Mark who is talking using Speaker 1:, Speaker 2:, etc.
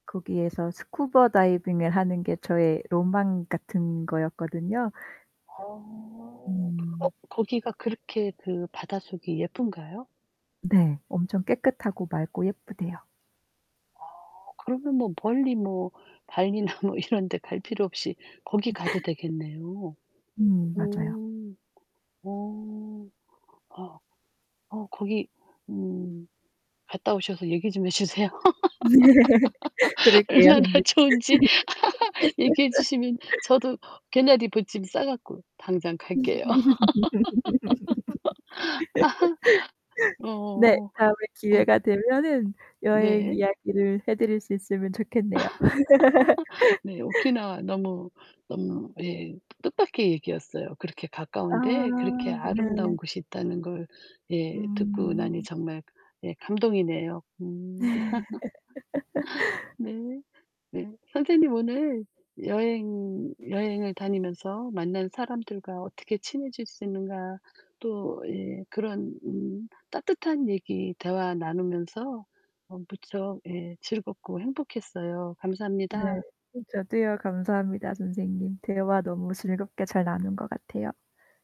Speaker 1: 거기에서 스쿠버 다이빙을 하는 게 저의 로망 같은 거였거든요.
Speaker 2: 어. 어
Speaker 1: 음.
Speaker 2: 거기가 그렇게 그 바닷속이 예쁜가요?
Speaker 1: 네. 엄청 깨끗하고 맑고 예쁘대요.
Speaker 2: 아. 그러면 뭐 멀리 뭐 발리나 뭐 이런 데 갈 필요 없이 거기 가도 되겠네요.
Speaker 1: 음 맞아요.
Speaker 2: 오. 어. 어 어 거기 음 갔다 오셔서 얘기 좀 해 주세요.
Speaker 1: 그럴게요,
Speaker 2: 얼마나
Speaker 1: 선생님.
Speaker 2: 좋은지 얘기해 주시면 저도 개나리 봇짐 싸 갖고 당장 갈게요. 아.
Speaker 1: 네.
Speaker 2: 어어어.
Speaker 1: 다음에
Speaker 2: 어
Speaker 1: 기회가 되면은 여행
Speaker 2: 네.
Speaker 1: 이야기를 해 드릴 수 있으면 좋겠네요.
Speaker 2: 네. 오키나와 너무 너무 예 뜻밖의 얘기였어요. 그렇게
Speaker 1: 아
Speaker 2: 가까운데 그렇게
Speaker 1: 네.
Speaker 2: 아름다운 곳이 있다는 걸 예 듣고 나니
Speaker 1: 음.
Speaker 2: 정말 예 감동이네요. 음.
Speaker 1: 네.
Speaker 2: 네. 네. 선생님, 오늘 여행 여행을 다니면서 만난 사람들과 어떻게 친해질 수 있는가? 또 예 그런 음 따뜻한 얘기, 대화 나누면서 어 무척 예 즐겁고 행복했어요.
Speaker 1: 네.
Speaker 2: 감사합니다.
Speaker 1: 저도요. 감사합니다. 선생님, 대화 너무 즐겁게 잘 나눈 것 같아요.